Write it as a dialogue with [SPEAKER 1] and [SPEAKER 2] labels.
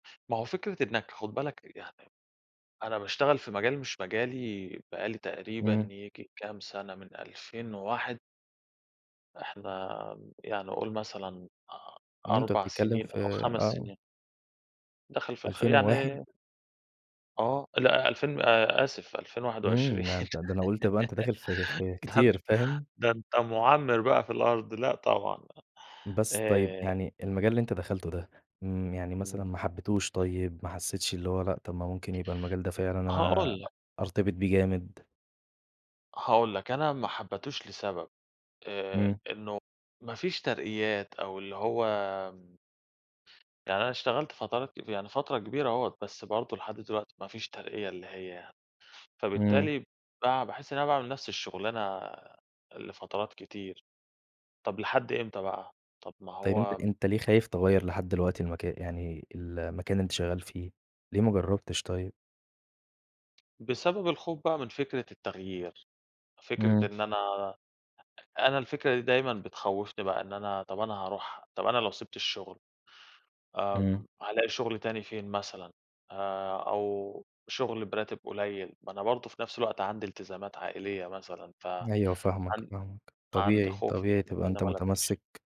[SPEAKER 1] ما هو فكرة إنَّك خد بالَك يعني أنا باشتغل في مجال مش مجالي بقى لي تقريبًا
[SPEAKER 2] إمم.
[SPEAKER 1] ييجي كام سنة، من 2001. إحنا يعني قول مثلًا أ
[SPEAKER 2] امم، أنت
[SPEAKER 1] أربع
[SPEAKER 2] بتتكلم
[SPEAKER 1] سنين
[SPEAKER 2] في
[SPEAKER 1] أو 5
[SPEAKER 2] آه.
[SPEAKER 1] سنين. داخل في الخ
[SPEAKER 2] 2001.
[SPEAKER 1] يعني آه، لأ ألفين آآ، آسف ألفين واحد
[SPEAKER 2] إمم،
[SPEAKER 1] وعشرين
[SPEAKER 2] ده أنت ده أنا قُلت يبقى أنت داخل في في
[SPEAKER 1] ده أ
[SPEAKER 2] كتير، فاهم؟
[SPEAKER 1] ده أنت مُعَمِّر بقى في الأرض لأ طبعًا،
[SPEAKER 2] بس طيب
[SPEAKER 1] آآ
[SPEAKER 2] يعني المجال اللي أنت دخلته ده، امم، يعني مثلًا
[SPEAKER 1] إمم.
[SPEAKER 2] ما حبيتوش طيب، ما حسيتش اللي هو لأ، طب ما ممكن يبقى المجال ده فعلًا أنا
[SPEAKER 1] هاقول لَك.
[SPEAKER 2] أرتبط بيه جامد؟
[SPEAKER 1] هاقول لَك أنا ما حبيتوش لسبب، آآ
[SPEAKER 2] إمم.
[SPEAKER 1] إنّه ما فيش ترقيات أو اللي هو يعني أنا اشتغلت فترات كت يعني فترة كبيرة أهوّة، بس برضه لحد دلوقتي مفيش ترقية اللي هي،
[SPEAKER 2] إمم.
[SPEAKER 1] فبالتالي بقى باحس إن أنا باعمل نفس الشغلانة لفترات كتير، طب لحد إمتى بقى، طب ما
[SPEAKER 2] طيب أنت
[SPEAKER 1] هو
[SPEAKER 2] أنت ليه خايف تغيّر لحد دلوقتي المكا يعني المكان اللي أنت شغال فيه، ليه ما جربتش طيب؟
[SPEAKER 1] بسبب الخوف بقى من فكرة التغيير، فكرة
[SPEAKER 2] إمم.
[SPEAKER 1] إن أنا أنا الفكرة دي دايمًا بتخوّفني بقى إن أنا طب أنا هاروح طب أنا لو سِبت الشغل،
[SPEAKER 2] إمم.
[SPEAKER 1] آمم هالاقي شغل تاني فين مثلًا، آآ أو شغل براتب قليل، ما أنا برضه في نفس الوقت عندي التزامات عائلية مثلًا ف
[SPEAKER 2] أيوه فاهمَك،
[SPEAKER 1] عن
[SPEAKER 2] فاهمَك،
[SPEAKER 1] عندي
[SPEAKER 2] طبيعي
[SPEAKER 1] خوف
[SPEAKER 2] طبيعي
[SPEAKER 1] إن
[SPEAKER 2] تبقى
[SPEAKER 1] أنا
[SPEAKER 2] أنت
[SPEAKER 1] ما الاقيش.
[SPEAKER 2] متمسّك.